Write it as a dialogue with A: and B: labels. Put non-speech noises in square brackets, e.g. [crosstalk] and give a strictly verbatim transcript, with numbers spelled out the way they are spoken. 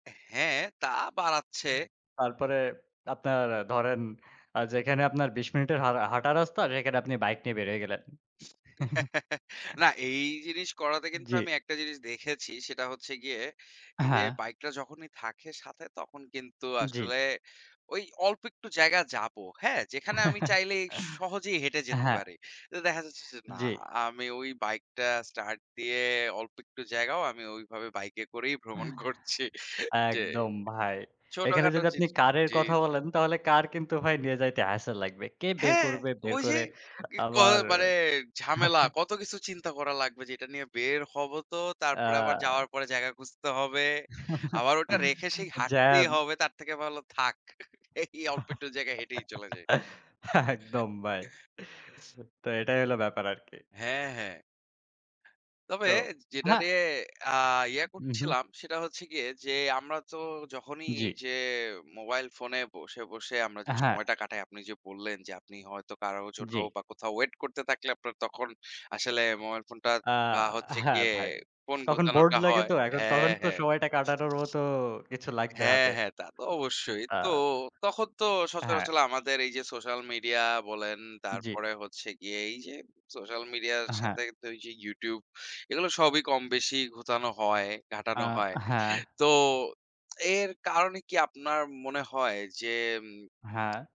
A: হ্যাঁ, তা বাড়াচ্ছে।
B: হু, তারপরে আপনার আ ধরেন আ যেখানে আপনার আ যেখানে আপনার বিশ মিনিটের হাঁ হাঁটা রাস্তা সেখানে আপনি বাইক নিয়ে বের হয়ে গেলেন। [chuckles]
A: [chuckles] না এই জিনিস করাতে কিন্তু
B: জি।
A: আমি একটা জিনিস দেখেছি সেটা হচ্ছে গিয়ে, এইযে
B: হ্যাঁ।
A: বাইকটা যখনই থাকে সাথে তখন কিন্তু
B: জি।
A: আসলে ওই অল্প একটু জায়গায় যাবো। হ্যাঁ? যেখানে আমি
B: [chuckles]
A: চাইলেই সহজেই হেঁটে
B: আ
A: যেতে
B: হ্যাঁ।
A: পারি। তো দেখা যাচ্ছে যে না
B: জি।
A: আমি ওই বাইকটা start দিয়ে, অল্প একটু জায়গাও আমি ওইভাবে বাইকে করেই ভ্রমণ করছি। যে
B: একদম ভাই, এখানে
A: ছোটখাটো
B: যদি আপনি
A: জিনিস
B: কারের
A: জি,
B: কথা
A: জি।
B: বলেন তাহলে কার কিন্তু নিয়ে যাইতে হাস্যেল লাগবে। কে বের
A: হ্যাঁ,
B: করবে? বের
A: ওইযে
B: করে
A: ই ক
B: আবার
A: মানে ঝামেলা।
B: [chuckles]
A: কত কিছু চিন্তা করা লাগবে যে এটা নিয়ে বের হবো তো, তারপরে আবার
B: আ
A: যাওয়ার পরে জায়গা খুঁজতে হবে।
B: [chuckles]
A: আবার ওটা রেখে সেই হাঁটতেই
B: জ্যাম।
A: হবে, তার থেকে ভালো থাক। [chuckles] এই অল্প একটু জায়গায় হেঁটেই চলে যাই।
B: [laughs] একদম ভাই। [chuckles] তো এটাই হলো ব্যাপার আরকি।
A: হ্যাঁ, হ্যাঁ। তবে
B: তো
A: যে যেটা
B: হ্যাঁ।
A: নিয়ে আ ইয়ে
B: উহু।
A: করছিলাম সেটা হচ্ছে গিয়ে যে আমরা তো যখনই
B: জি।
A: যে মোবাইল ফোনে বসে, বসে আমরা
B: য়া
A: যে
B: হ্যাঁ।
A: সময়টা কাটাই। আপনি যে বললেন যে, আপনি হয়তো কারো জন্য
B: জি।
A: বা কোথাও wait করতে থাকলে আপনার তখন আসলে মোবাইল ফোনটা
B: আ
A: আ হচ্ছে
B: হ্যাঁ
A: গিয়ে
B: ভাই।
A: ফোন
B: তখন bored
A: গুতানোটা
B: লাগে
A: হয়।
B: তো, এখন তখন
A: হ্যাঁ,
B: তো
A: হ্যাঁ।
B: সময়টা কাটানোর মতো তো কিছু লাগবে
A: হ্যাঁ,
B: হাতে।
A: হ্যাঁ, তা তো অবশ্যই। তো
B: আ
A: তখন তো
B: হ্যাঁ।
A: সচরাচল আমাদের এইযে সোশ্যাল মিডিয়া বলেন,
B: জি।
A: তারপরে হচ্ছে গিয়ে এইযে সোশ্যাল মিডিয়ার
B: আ হ্যাঁ।
A: সাথে যে YouTube। এগুলো সবই কমবেশি ঘুতানো হয়,
B: আ
A: ঘাটানো হয়।
B: হ্যাঁ।
A: তো এর [smacks lips] কারণে কি আপনার মনে হয় যে
B: হ্যাঁ।